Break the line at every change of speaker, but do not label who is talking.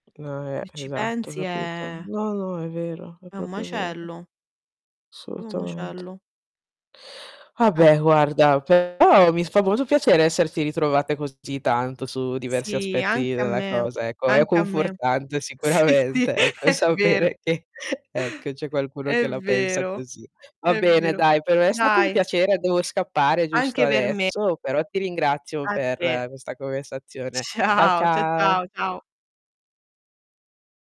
No, ehm,
E ci
esatto, ho
pensi
capito.
è
No, no, è vero, è
è un
proprio vero.
macello. Un
Assolutamente.
macello.
Ah
Eh.
beh, guarda, però mi fa molto piacere esserti ritrovate così tanto, su diversi
Sì,
aspetti
anche a
della
me,
cosa, ecco. È
anche a me.
confortante
Sì, sì,
sicuramente, ecco,
è vero.
sapere che, ecco, c'è qualcuno che
È
la pensa
vero,
così. Va
è
bene,
vero.
dai, per me è stato un
Dai,
piacere, devo scappare giusto
Anche per me.
adesso, però ti ringrazio
A
per
te.
questa conversazione. Ciao,
Ciao, cia
ciao.
ciao, ciao